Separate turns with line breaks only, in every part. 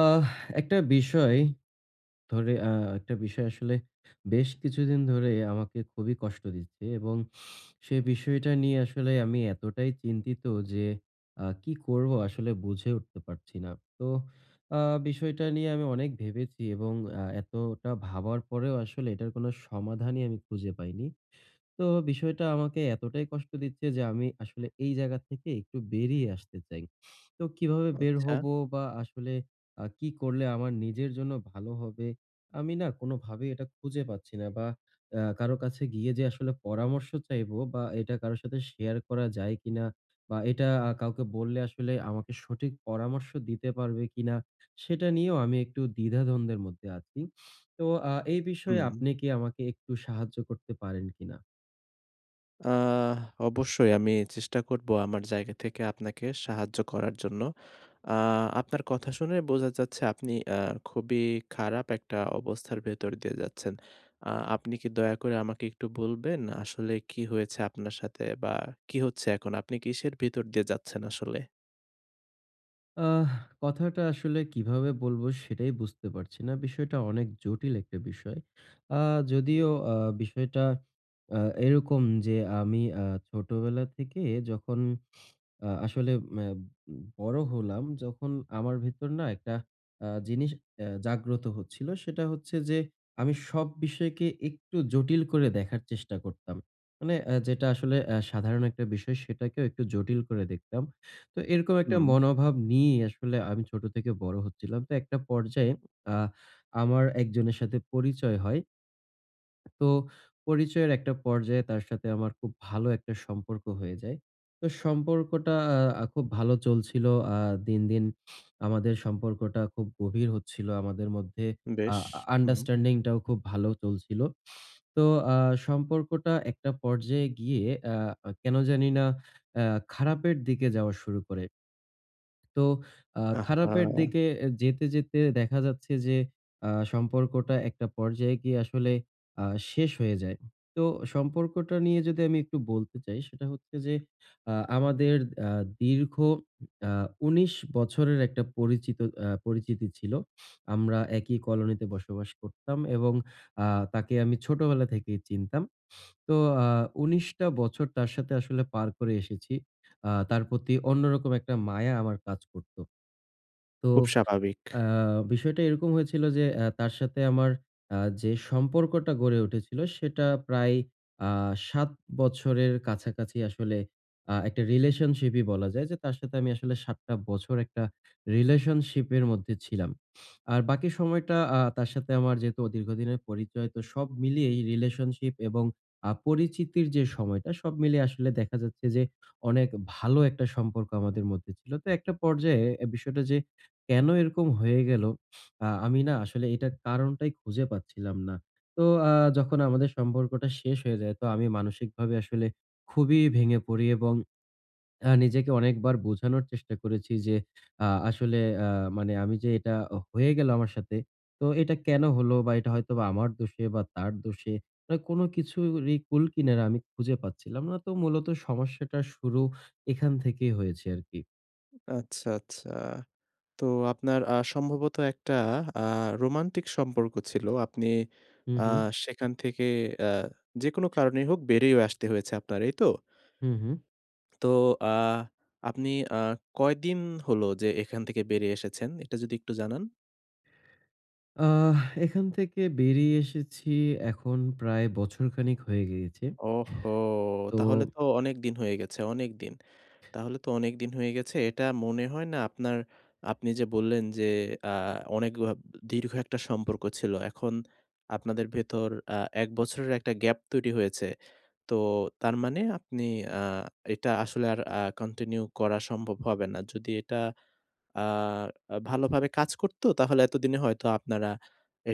আহ একটা বিষয়, ধরে, আ একটা বিষয় আসলে বেশ কিছুদিন ধরে আমাকে খুবই কষ্ট দিচ্ছে এবং সে বিষয়টা নিয়ে আসলে আমি এতটাই চিন্তিত যে আ কি করব? আসলে বুঝে উঠতে পারছি না। তো আ বিষয়টা নিয়ে আমি অনেক ভেবেছি এবং আ এতটা ভাবার পরেও আসলে এটার কোন সমাধানই আমি খুঁজে পাইনি। তো বিষয়টা আমাকে এতটাই কষ্ট দিচ্ছে যে আমি আসলে এই জায়গা থেকে একটু বেরিয়ে আসতে চাই। তো কিভাবে বের
আচ্ছা।
হবো বা আসলে আ কি করলে আমার নিজের জন্য ভালো হবে? আমি না কোনভাবেই এটা খুঁজে পাচ্ছি না বা আ কারো কাছে গিয়ে যে আসলে পরামর্শ চাইবো বা এটা কারো সাথে শেয়ার করা যায় কিনা বা আ এটা কাউকে বললে আসলে আমাকে সঠিক পরামর্শ দিতে পারবে কিনা? সেটা নিয়েও আমি একটু দ্বিধাদ্বন্দ্বের মধ্যে আছি। তো আ এই বিষয়ে
হুম।
আপনি কি আমাকে একটু সাহায্য করতে পারেন কিনা?
আহ অবশ্যই আমি চেষ্টা করব আমার জায়গা থেকে আপনাকে সাহায্য করার জন্য। আ আপনার কথা শুনে বোঝা যাচ্ছে আপনি আ খুবই খারাপ একটা অবস্থার ভেতর দিয়ে যাচ্ছেন। আ আপনি কি দয়া করে আমাকে একটু বলবেন আসলে কি হয়েছে আপনার সাথে বা কি হচ্ছে এখন? আপনি কিসের ভিতর দিয়ে যাচ্ছেন আসলে?
আহ কথাটা আসলে কিভাবে বলব? সেটাই বুঝতে পারছি না, বিষয়টা অনেক জটিল একটা বিষয়। আ যদিও আ বিষয়টা আ এরকম যে আমি আ ছোটবেলা থেকে যখন আ আসলে আম বড় হলাম যখন আমার ভেতর না আ একটা জিনিস আ জাগ্রত হচ্ছিল সেটা হচ্ছে যে, আমি সব বিষয়কে একটু জটিল করে দেখার চেষ্টা করতাম। মানে যেটা আসলে আ সাধারণ একটা বিষয় সেটাকেও একটু জটিল করে দেখতাম। তো এরকম একটা
হুম।
মনোভাব নিয়েই আসলে আমি ছোট থেকে বড় হচ্ছিলাম। তো একটা পর্যায়ে আ আমার একজনের সাথে পরিচয় হয়। তো পরিচয়ের একটা পর্যায়ে তার সাথে আমার খুব ভালো একটা সম্পর্ক হয়ে যায়। তো সম্পর্কটা আ খুব ভালো চলছিল। আ দিন, দিন আমাদের সম্পর্কটা খুব গভীর হচ্ছিল, আমাদের মধ্যে আ
বেশ, হুম।
আন্ডারস্ট্যান্ডিংটাও খুব ভালো চলছিল। তো আ সম্পর্কটা একটা পর্যায়ে গিয়ে আ কেন জানি না আ খারাপের দিকে যাওয়া শুরু করে। তো আ খারাপের
আহ্হা!
দিকে যেতে, যেতে দেখা যাচ্ছে যে, আ সম্পর্কটা একটা পর্যায়ে গিয়ে আসলে আ শেষ হয়ে যায়। তো সম্পর্কটা নিয়ে যদি আমি একটু বলতে চাই সেটা হচ্ছে যে, আ আমাদের আ দীর্ঘ আ ১৯ বছরের একটা পরিচিত, আ পরিচিতি ছিল। আমরা একই কলোনিতে বসবাস করতাম এবং আ তাকে আমি ছোটবেলা থেকেই চিনতাম। তো আ ১৯ বছর তার সাথে আসলে পার করে এসেছি। আ তার প্রতি অন্যরকম একটা মায়া আমার কাজ করত। তো
খুব স্বাভাবিক।
আ বিষয়টা এরকম হয়েছিল যে তার সাথে আমার আ যে সম্পর্কটা গড়ে উঠেছিল সেটা প্রায় আ ৭ বছরের কাছাকাছি আসলে আ একটা রিলেশনশিপই বলা যায় যে তার সাথে আমি আসলে ৭ টা বছর একটা রিলেশনশিপের মধ্যে ছিলাম। আর বাকি সময়টা আ তার সাথে আমার যেহেতু দীর্ঘদিনের পরিচয় তো সব মিলিয়েই রিলেশনশিপ এবং আ পরিচিতির যে সময়টা সব মিলিয়ে আসলে দেখা যাচ্ছে যে অনেক ভালো একটা সম্পর্ক আমাদের মধ্যে ছিল। তো একটা পর্যায়ে বিষয়টা যে কেন এরকম হয়ে গেল? আমি না আসলে এটার কারণটাই খুঁজে পাচ্ছিলাম না। তো আ যখন আমাদের সম্পর্কটা শেষ হয়ে যায় তো আমি মানসিকভাবে আসলে খুবই ভেঙে পড়ি এবং নিজেকে অনেকবার বোঝানোর চেষ্টা করেছি যে আ আসলে আ মানে আমি যে, এটা হয়ে গেলো আমার সাথে তো এটা কেন হলো? বা এটা হয়তো আমার দোষে বা তার দোষে, মানে কোন কিছুরই কূলকিনারা আমি খুঁজে পাচ্ছিলাম না। তো মূলত সমস্যাটার শুরু এখান থেকেই হয়েছে আরকি।
আচ্ছা, আচ্ছা। তো আপনার আ সম্ভবত একটা আ রোমান্টিক সম্পর্ক ছিল। আপনি
হুম,
আ
হুম।
সেখান থেকে আ যেকোনো কারণেই হোক বেরিয়ে আসতে হয়েছে আপনার। এই তো?
হুম, হুম।
তো আ আপনি আ কয়দিন হল? যে এখান থেকে বেরিয়ে এসেছেন? এটা যদি একটু জানান।
আ এখান থেকে বেরিয়ে এসেছি, এখন প্রায় বছরখানেক হয়ে গিয়েছে।
ওহো!
তো
তাহলে তো অনেকদিন হয়ে গেছে অনেকদিন। তাহলে তো অনেকদিন হয়ে গেছে। এটা মনে হয় না। আপনার আপনি যে বললেন যে আ অনেক অ দীর্ঘ একটা সম্পর্ক ছিল। এখন আপনাদের ভেতর আ ১ বছরের একটা গ্যাপ তৈরি হয়েছে। তো তার মানে আপনি আ এটা আসলে আর আ কন্টিনিউ করা সম্ভব হবে না। যদি এটা আ আ ভালোভাবে কাজ করতো। তাহলে এতদিনে হয়তো আপনারা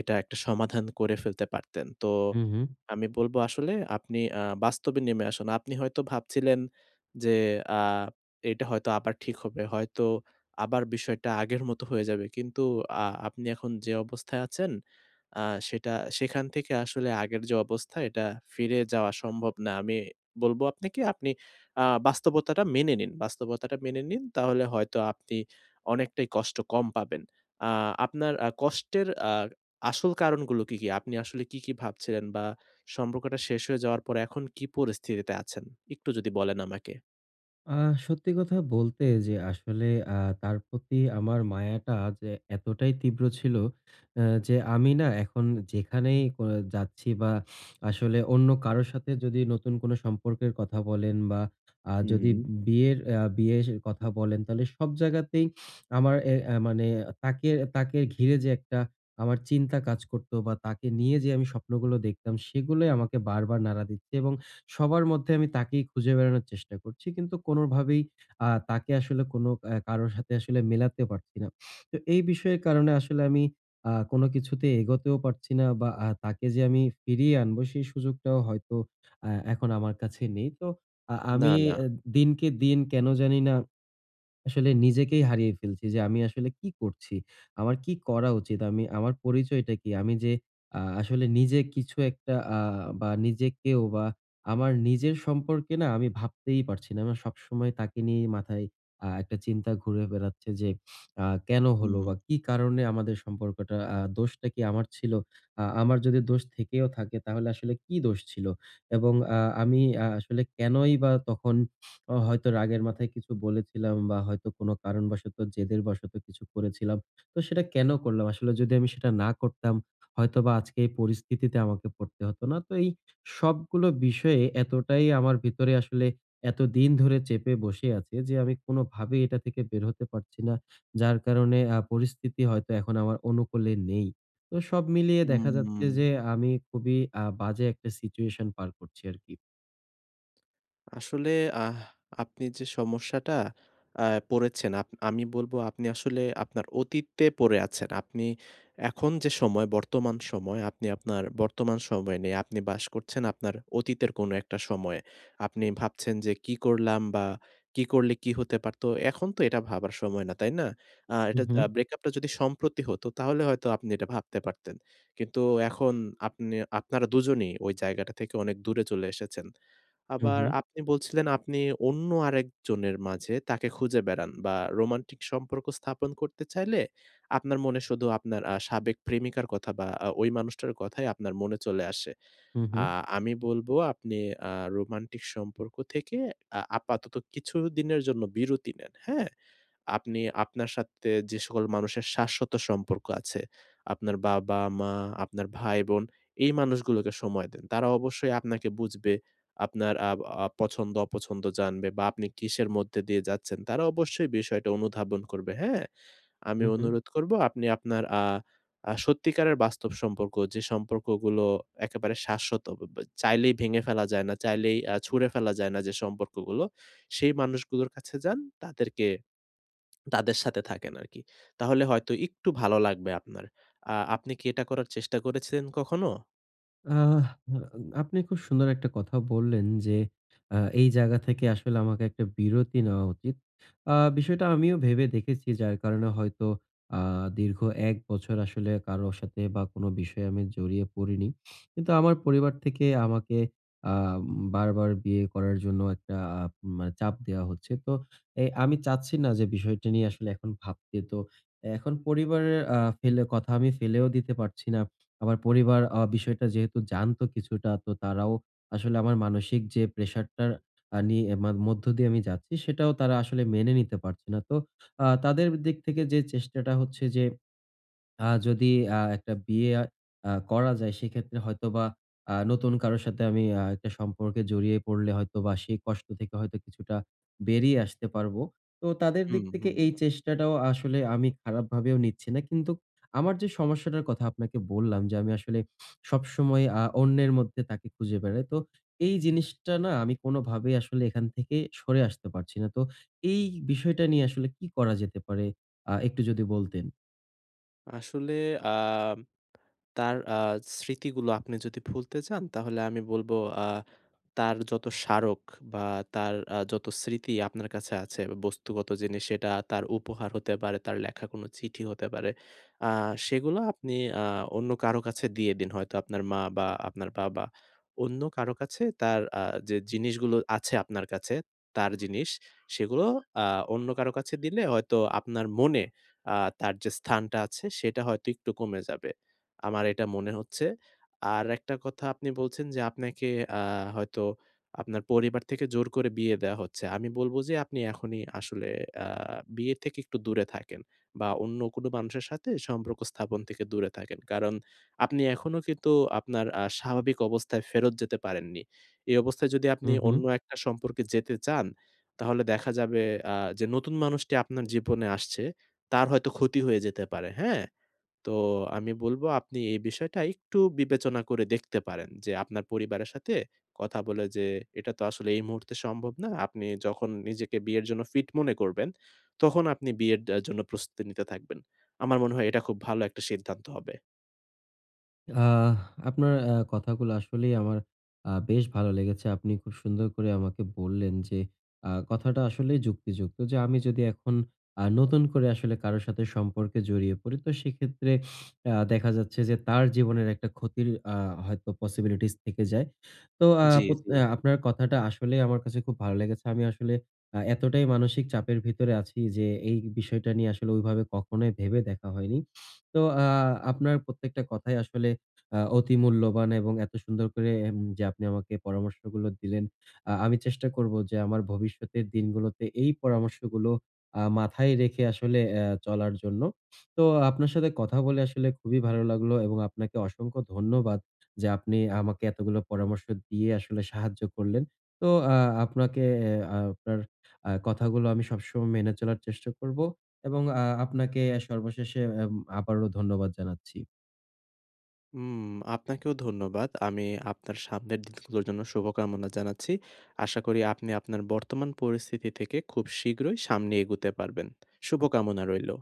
এটা একটা সমাধান করে ফেলতে পারতেন। তো
হুম, হুম।
আমি বলব আসলে আপনি আ বাস্তবে নেমে আসুন। আপনি হয়তো ভাবছিলেন যে আ এটা হয়তো আবার ঠিক হবে। হয়তো আবার বিষয়টা আগের মতো হয়ে যাবে। কিন্তু আ আপনি এখন অ্যাঁ যে অবস্থায় আছেন। আ সেটা সেখান থেকে আসলে আগের যে অবস্থায় এটা ফিরে যাওয়া সম্ভব না। আমি বলব আপনাকে আপনি আ বাস্তবতাটা মেনে নিন বাস্তবতাটা মেনে নিন তাহলে হয়তো আপনি অনেকটাই কষ্ট কম পাবেন। আ আপনার কষ্টের আ আসল কারণগুলো কি, কি? আপনি আসলে কী কী ভাবছিলেন বা সম্পর্কটা শেষ হয়ে যাওয়ার পর এখন কি পরিস্থিতিতে আছেন? একটু যদি বলেন আমাকে।
আহ সত্যি কথা বলতে যে আসলে আ তার প্রতি আমার মায়াটা যে এতটাই তীব্র ছিল আ যে আমি না এখন যেখানেই যাচ্ছি বা আসলে অন্য কারো সাথে যদি নতুন কোন সম্পর্কের কথা বলেন বা আ যদি
হুম।
বিয়ের, বিয়ের কথা বলেন তাহলে সব জায়গাতেই আমার মানে তাকে, তাকে ঘিরে যে একটা আমার চিন্তা কাজ করতো বা তাকে নিয়ে যে আমি স্বপ্নগুলো দেখতাম সেগুলোই আমাকে বারবার নাড়া দিচ্ছে। এবং সবার মধ্যে আমি তাকেই খুঁজে বেড়ানোর চেষ্টা করছি। কিন্তু কোনভাবেই আ তাকে আসলে কারো সাথে আসলে মেলাতে পারছি না। তো এই বিষয়ের কারণে আসলে আমি আ কোন কিছুতে এগোতেও পারছি না বা তাকে যে আমি ফিরিয়ে আনবো সেই সুযোগটাও হয়তো আ এখন আমার কাছে নেই। তো
না,
আমি
না।
দিনকে দিন কেন জানি না। আসলে নিজেকেই হারিয়ে ফেলছি যে আমি আসলে কি করছি? আমার কি করা উচিত। আমি আমার পরিচয়টা কী? আমি যে আসলে আ নিজে কিছু একটা বা নিজেকেও বা আমার নিজের সম্পর্কে না আমি ভাবতেই পারছি না। আমার সবসময় তাকে নিয়েই মাথায় একটা আ চিন্তা ঘুরে বেড়াচ্ছে যে আ কেন হলো
হুম।
বা কী কারণে আমাদের সম্পর্কটা আ দোষটা কি আ আমার ছিল? আ আমার যদি দোষ থেকেও থাকে তাহলে আসলে কি দোষ ছিল। এবং আ আমি আসলে কেনই বা তখন হয়তো রাগের মাথায় কিছু বলেছিলাম বা হয়তো কোন কারণবশত জেদের বশত কিছু করেছিলাম। তো সেটা কেন করলাম আসলে যদি আমি সেটা না করতাম, হয়তোবা আজকে এই পরিস্থিতিতে আমাকে পড়তে হত না। তো এই সবগুলো বিষয়ে এতটাই আমার ভিতরে আসলে এতদিন ধরে চেপে বসে আছে যে আমি কোনভাবেই এটা থেকে বের হতে পারছি না। যার কারণে পরিস্থিতি হয়তো এখন আমার অনুকূলে নেই। তো সব মিলিয়ে দেখা
উম উ
যাচ্ছে যে আমি খুবই বাজে একটা সিচুয়েশন পার করছি আরকি।
আসলে আহ আপনি যে সমস্যাটা আ পড়েছেন, আপ আমি বলব আপনি আসলে আপনার অতীতে পড়ে আছেন। আপনি এখন যে সময়, বর্তমান সময়, আপনি আপনার বর্তমান সময়ে নেই। আপনি বাস করছেন আপনার অতীতের কোন একটা সময়ে। আপনি ভাবছেন যে কি করলাম বা কী করলে কী হতে পারত। এখন তো এটা ভাবার সময় না, তাই না? আ এটা
হুম, হুম।
ব্রেকআপটা যদি সম্প্রতি হত তাহলে হয়তো আপনি এটা ভাবতে পারতেন। কিন্তু এখন আপনি আপনারা দুজনেই ওই জায়গাটা থেকে অনেক দূরে চলে এসেছেন।
হু,
আবার
হু।
আপনি বলছিলেন আপনি অন্য আরেকজনের মাঝে তাকে খুঁজে বেড়ান বা রোমান্টিক সম্পর্ক স্থাপন করতে চাইলে আপনার মনে শুধু আপনার আ সাবেক প্রেমিকার কথা বা আ ওই মানুষটার কথাই আপনার মনে চলে আসে।
হুম,
আ
হুম।
আমি বলব আপনি আ রোমান্টিক সম্পর্ক থেকে আ আপাতত কিছুদিনের জন্য বিরতি নেন; হ্যাঁ? আপনি আপনার সাথে যে সকল মানুষের শাশ্বত সম্পর্ক আছে, আপনার বাবা-মা, আপনার ভাই-বোন এই মানুষগুলোকে সময় দেন। তারা অবশ্যই আপনাকে বুঝবে। আপনার আব আ পছন্দ-অপছন্দ জানবে বা আপনি কিসের মধ্যে দিয়ে যাচ্ছেন তারা অবশ্যই বিষয়টা অনুধাবন করবে; হ্যাঁ? আমি
হু, হু।
অনুরোধ করব আপনি আপনার আ আ সত্যিকারের বাস্তব সম্পর্ক, যে সম্পর্কগুলো একেবারে শাশ্বত, [unintelligible] চাইলেই ভেঙে ফেলা যায় না, চাইলেই আ ছুঁড়ে ফেলা যায় না যে সম্পর্কগুলো; সেই মানুষগুলোর কাছে যান। তাদেরকে, তাদের সাথে থাকেন আরকি। তাহলে হয়তো একটু ভালো লাগবে আপনার। আ আপনি কি এটা করার চেষ্টা করেছিলেন কখনো?
আহ আ আপনি খুব সুন্দর একটা কথা বললেন যে আ এই জায়গা থেকে আসলে আমাকে একটা বিরতি নেওয়া উচিত। আ বিষয়টা আমিও ভেবে দেখেছি যার কারণে হয়তো আ দীর্ঘ ১ বছর আসলে কারো সাথে বা কোন বিষয়ে আমি জড়িয়ে পড়িনি। কিন্তু আমার পরিবার থেকে আমাকে আ বারবার বিয়ে করার জন্য একটা মানে চাপ দেওয়া হচ্ছে। তো এ আমি চাচ্ছি না যে বিষয়টা নিয়ে আসলে এখন ভাবতে তো। এখন পরিবারের আ ফেলে কথা আমি ফেলেও দিতে পারছি না। আমার পরিবার আ বিষয়টা যেহেতু জানতো কিছুটা তো তারাও আসলে আমার মানসিক যে প্রেশার টার আ নিয়ে মধ্য দিয়ে আমি যাচ্ছি সেটাও তারা আসলে মেনে নিতে পারছে না। তো আ তাদের দিক থেকে যে চেষ্টাটা হচ্ছে যে আ যদি আ একটা বিয়ে আ করা যায় সেক্ষেত্রে হয়তোবা আ নতুন কারো সাথে আমি আ একটা সম্পর্কে জড়িয়ে পড়লে হয়তো বা সেই কষ্ট থেকে হয়তো কিছুটা বেরিয়ে আসতে পারবো। তো তাদের দিক
হুম,
থেকে
হুম।
এই চেষ্টাটাও আসলে আমি খারাপ ভাবেও নিচ্ছি না। কিন্তু আমার যে সমস্যাটার কথা আপনাকে বললাম যে আমি আসলে সবসময় আ অন্যের মধ্যে তাকে খুঁজে বেড়াই। তো এই জিনিসটা না আমি কোনভাবেই আসলে এখান থেকে সরে আসতে পারছি না। তো এই বিষয়টা নিয়ে আসলে কি করা যেতে পারে আ একটু যদি বলতেন।
আসলে আম তার আ স্মৃতিগুলো আপনি যদি ভুলতে চান তাহলে আমি বলব আ তার যত স্মারক বা তার আ যত স্মৃতি আপনার কাছে আছে বস্তুগত জিনিস সেটা তার উপহার হতে পারে, তার লেখা কোন চিঠি হতে পারে। আ সেগুলো আপনি আ অন্য কারো কাছে দিয়ে দিন হয়তো আপনার মা বা আপনার বাবা। অন্য কারো কাছে তার আ যে জিনিসগুলো আছে আপনার কাছে। তার জিনিস সেগুলো আ অন্য কারো কাছে দিলে হয়তো আপনার মনে আ তার যে স্থানটা আছে সেটা হয়তো একটু কমে যাবে আমার এটা মনে হচ্ছে। আর একটা কথা আপনি বলছেন যে আপনাকে আ হয়তো আপনার পরিবার থেকে জোর করে বিয়ে দেয়া হচ্ছে। আমি বলব যে আপনি এখনই আসলে আ বিয়ে থেকে একটু দূরে থাকেন বা অন্য কোনো মানুষের সাথে সম্পর্ক স্থাপন থেকে দূরে থাকেন কারণ আপনি এখনো কিন্তু আপনার আ স্বাভাবিক অবস্থায় ফেরত যেতে পারেননি। এই অবস্থায় যদি
হু,
আপনি
হু।
অন্য একটা সম্পর্কে যেতে চান, তাহলে দেখা যাবে আ যে নতুন মানুষটি আপনার জীবনে আসছে, তার হয়তো ক্ষতি হয়ে যেতে পারে। হ্যাঁ? তো আমি বলব আপনি এই বিষয়টা একটু বিবেচনা করে দেখতে পারেন। যে আপনার পরিবারের সাথে কথা বলে যে এটা তো আসলে এই মুহূর্তে সম্ভব না আপনি যখন নিজেকে বিয়ের জন্য ফিট মনে করবেন তখন আপনি বিয়ের দা জন্য প্রস্তুতি নিতে থাকবেন। আমার মনে হয় এটা খুব ভালো একটা সিদ্ধান্ত হবে।
আহ আপনার এ্যাঁ কথাগুলো আসলেই আমার আ বেশ ভালো লেগেছে। আপনি খুব সুন্দর করে আমাকে বললেন যে, আ কথাটা আসলেই যুক্তিযুক্ত যে, আমি যদি এখন আ নতুন করে আসলে কারো সাথে সম্পর্কে জড়িয়ে পড়ি তো সেক্ষেত্রে আ দেখা যাচ্ছে যে, তার জীবনের একটা ক্ষতির আ হয়তো পসিবিলিটিস থেকে যায়। তো আ
জি,
পোত আ
জি।
আপনার কথাটা আসলেই আমার কাছে খুব ভালো লেগেছে। আমি আসলে আ এতটাই মানসিক চাপের ভিতরে আছি যে, এই বিষয়টা নিয়ে আসলে ঐভাবে কখনোই ভেবে দেখা হয়নি। তো আ আপনার প্রত্যেকটা কথা আসলে আ অতি মূল্যবান এবং এত সুন্দর করে যে আপনি আমাকে পরামর্শগুলো দিলেন। আ আমি চেষ্টা করব যে, আমার ভবিষ্যতের দিনগুলোতে এই পরামর্শগুলো আ মাথায় রেখে আসলে আ চলার জন্য। তো আপনার সাথে কথা বলে আসলে খুবই ভালো লাগলো এবং আপনাকে অসংখ্য ধন্যবাদ। যে, আপনি আমাকে এতগুলো পরামর্শ দিয়ে আসলে সাহায্য করলেন। তো আ আপনাকে এ আপনার আ কথাগুলো আমি সবসময় মেনে চলার চেষ্টা করব। এবং আ আপনাকে সর্বশেষে এ আবারও ধন্যবাদ জানাচ্ছি।
হুম, আপনাকেও ধন্যবাদ। আমি, আপনার সামনের দিনগুলোর জন্য শুভকামনা জানাচ্ছি। আশা করি আপনি আপনার বর্তমান পরিস্থিতি থেকে খুব শীঘ্রই সামনে এগুতে পারবেন। শুভকামনা রইলো।